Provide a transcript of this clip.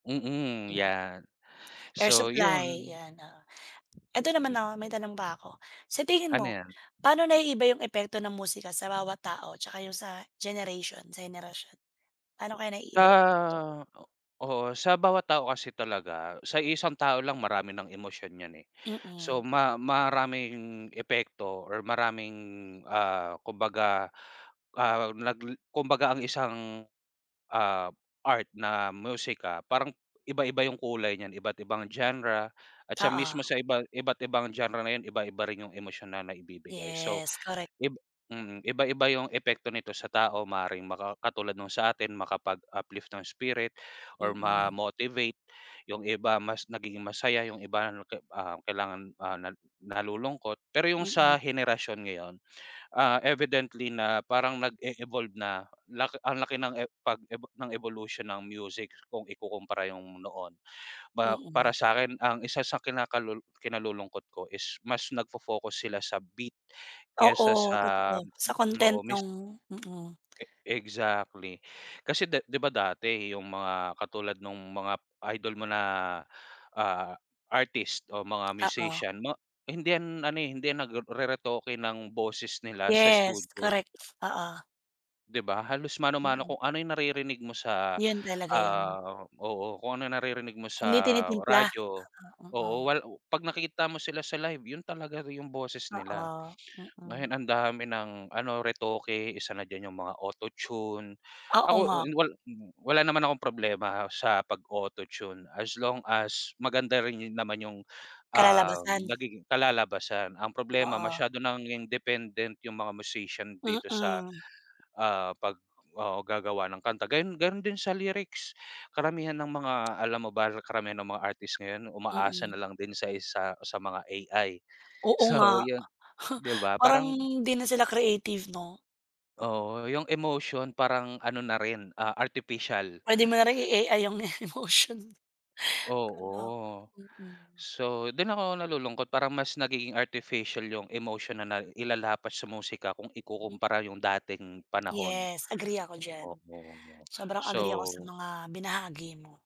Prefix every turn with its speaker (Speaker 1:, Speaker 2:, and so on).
Speaker 1: Mm, yan.
Speaker 2: Air
Speaker 1: So,
Speaker 2: supply,
Speaker 1: yun
Speaker 2: yan oo. Eto naman 'no, may
Speaker 1: [unintelligible]
Speaker 2: tanong pa ako, sa tingin
Speaker 1: Ano
Speaker 2: mo
Speaker 1: yan?
Speaker 2: paano naiiba yung epekto ng musika sa bawat tao tsaka yung sa generation sa henerasyon? Paano kaya naiiba epekto?
Speaker 1: Ah, o oo sa bawat tao kasi talaga, sa iisang tao lang marami nang emosyon yan eh. So
Speaker 2: Mm.
Speaker 1: ma maraming epekto or maraming, ah, kumbaga, ah, nagle kumbaga ang isang, ah, art na musika parang iba-iba yung kulay niyan, iba't ibang genre na at siya mismo
Speaker 2: Oo.
Speaker 1: sa iba, iba't ibang genre na yun iba-iba rin yung emosyonal naibibigay, so,
Speaker 2: Yes, korek.
Speaker 1: ib mm. Iba-iba yung epekto nito sa tao maaring maka katulad nung sa atin, makapag-uplift ng spirit or
Speaker 2: Mm.
Speaker 1: ma-motivate. Yung iba mas nagiging masaya, yung iba 'no ke ah, kailangan, ah, na nalulungkot pero yung
Speaker 2: Mm.
Speaker 1: sa henerasyon ngayon, ah, evidently na parang nag-e-evolve na, lak ang laki ng e pag ebo ng ebolusyon ng music kung ikukumpara yung noon. Ma para
Speaker 2: Mm.
Speaker 1: sa'kin ang isa sa kinakalu kinalulungkot ko is mas nagfo-focus sila sa beat
Speaker 2: Oo,
Speaker 1: kesa sa
Speaker 2: totoo sa content
Speaker 1: oo mis
Speaker 2: nung mm.
Speaker 1: E exactly kasi di di ba dati yung mga katulad nung mga idol mo na, ah, artist o mga
Speaker 2: Oo.
Speaker 1: musician 'no, hindi yan ano, eh hindi yan nagru reretoke ng boses nila sa
Speaker 2: Yes,
Speaker 1: studio.
Speaker 2: korek, oo.
Speaker 1: Di ba, halos mano-mano
Speaker 2: Mm.
Speaker 1: kung ano yung naririnig mo sa,
Speaker 2: Yun talaga yun.
Speaker 1: ah oo. Kung ano naririnig mo sa
Speaker 2: Hindi tinitimpla,
Speaker 1: radyo
Speaker 2: ah, um,
Speaker 1: oo,
Speaker 2: o
Speaker 1: wal pag nakita mo sila sa live, yun talaga yung boses nila.
Speaker 2: Oo, mm.
Speaker 1: Ngayon ang dami ng ano retoke, isa na diyan yung mga auto-tune.
Speaker 2: Oo
Speaker 1: Ako,
Speaker 2: nga.
Speaker 1: uh, wal mm, wala naman akong problema sa pag-o-auto-tune as long as maganda rin yun naman yung, ah, um
Speaker 2: Kalalabasan.
Speaker 1: nagiging kalalabasan. Ang problema
Speaker 2: Oo.
Speaker 1: masyado nang independent yung mga musician dito sa,
Speaker 2: Mm.
Speaker 1: ah, pag oo gagawa ng kanta gayun, ganun din sa lyrics. Karamihan ng mga alam mo ba karamihan ng mga artist ngayon umaasa na
Speaker 2: Mm.
Speaker 1: lang din sa isa sa mga AI.
Speaker 2: Oo
Speaker 1: So
Speaker 2: nga.
Speaker 1: yun, di ba
Speaker 2: parang
Speaker 1: parang
Speaker 2: 'di na sila creative no?
Speaker 1: Oo, yung emotion parang ano na rin, ah, artificial.
Speaker 2: Pwede mo na ring i-AI yung emotion mo. Kaloka
Speaker 1: Oo.
Speaker 2: mm.
Speaker 1: So, dun ako nalulungkot para mas nagiging artificial yung emotion na nailalapat sa musika kung
Speaker 2: Hmm.
Speaker 1: ikukumpara yung dating panahon.
Speaker 2: Yes, agree ako diyan.
Speaker 1: Oo,
Speaker 2: Sobrang agree ako sa
Speaker 1: so
Speaker 2: mga binahagi mo.